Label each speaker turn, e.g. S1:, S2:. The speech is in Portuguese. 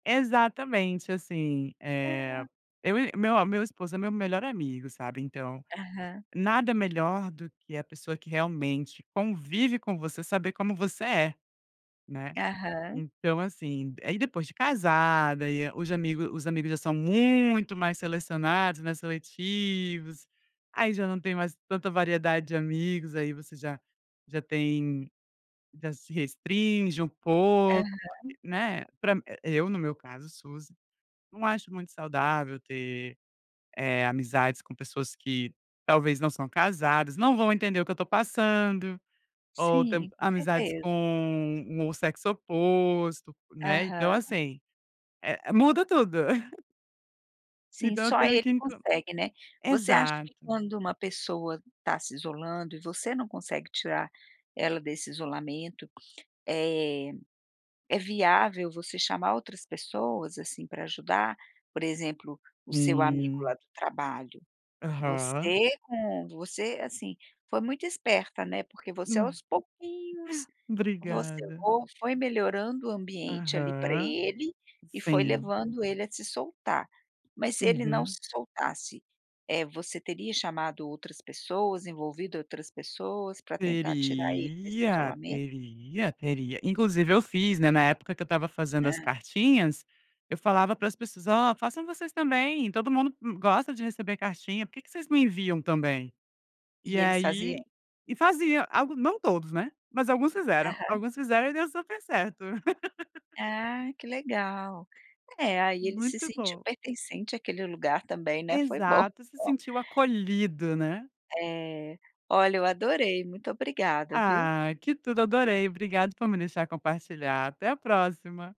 S1: Exatamente. Assim, eh,
S2: É.
S1: eu e meu meu esposo é meu melhor amigo, sabe. Então,
S2: Aham.
S1: nada melhor do que a pessoa que realmente convive com você saber como você é, né?
S2: Aham.
S1: Então, assim aí depois de casada e aí os amigo os amigos já são muito mais selecionados, né, seletivos. Aí, já não tem mais tanta variedade de amigos, aí você já já tem já se restringe um pouco,
S2: Aham.
S1: né? Pra mim eu, no meu caso, suz não acho muito saudável ter, eh, amizades com pessoas que talvez não são casadas. Não vão entender o que eu estou passando ou tamb
S2: Sim, com
S1: amizades
S2: certeza.
S1: com o um sexo oposto, né? Então,
S2: Aham.
S1: assim, eh, muda tudo.
S2: Sim,
S1: Então, eu
S2: só
S1: tenho o que
S2: ele
S1: into
S2: consegue, né? Você acha que
S1: exato.
S2: quando uma pessoa tá se isolando e você não consegue tirar ela desse isolamento, eh, é viável você chamar outras pessoas assim pra ajudar? Por exemplo, o seu amigo lá
S1: Hum.
S2: do trabalho
S1: Aham.
S2: você com você, assim, foi muito esperta, né? Porque você,
S1: Hum.
S2: aos pouquinhos, você
S1: Obrigada.
S2: fo foi melhorando o ambiente ali pra
S1: Aham,
S2: ele e foi
S1: sim.
S2: levando ele a se soltar. Mas se ele não
S1: Uhum.
S2: se soltasse, eh, você teria chamado outras pessoas envolvido outras pessoas para tentar tirar ele desse
S1: Teria,
S2: isolamento?
S1: teria, teria. Inclusive eu fiz, né. Na época que eu estava fazendo as
S2: Hã.
S1: cartinhas, eu falava para as pessoas: "Ó, façam vocês também. Todo mundo m gosta de receber cartinha. Por que que vocês me enviam também?". E
S2: E eles
S1: aí
S2: faziam?
S1: e fazia algo não todos, né. Mas alguns fizeram.
S2: Aham.
S1: Alguns fizeram e deu super certo.
S2: Ah, que legal. É, aí ele se
S1: Muito
S2: sentiu
S1: bom.
S2: pertencente àquele lugar também, né. Foi bom.
S1: Exato, se sentiu acolhido, né?
S2: É. Olha, eu adorei. Muito obrigada, viu?
S1: Ah, que tudo, adorei. Obrigada por me deixar compartilhar. Até a próxima.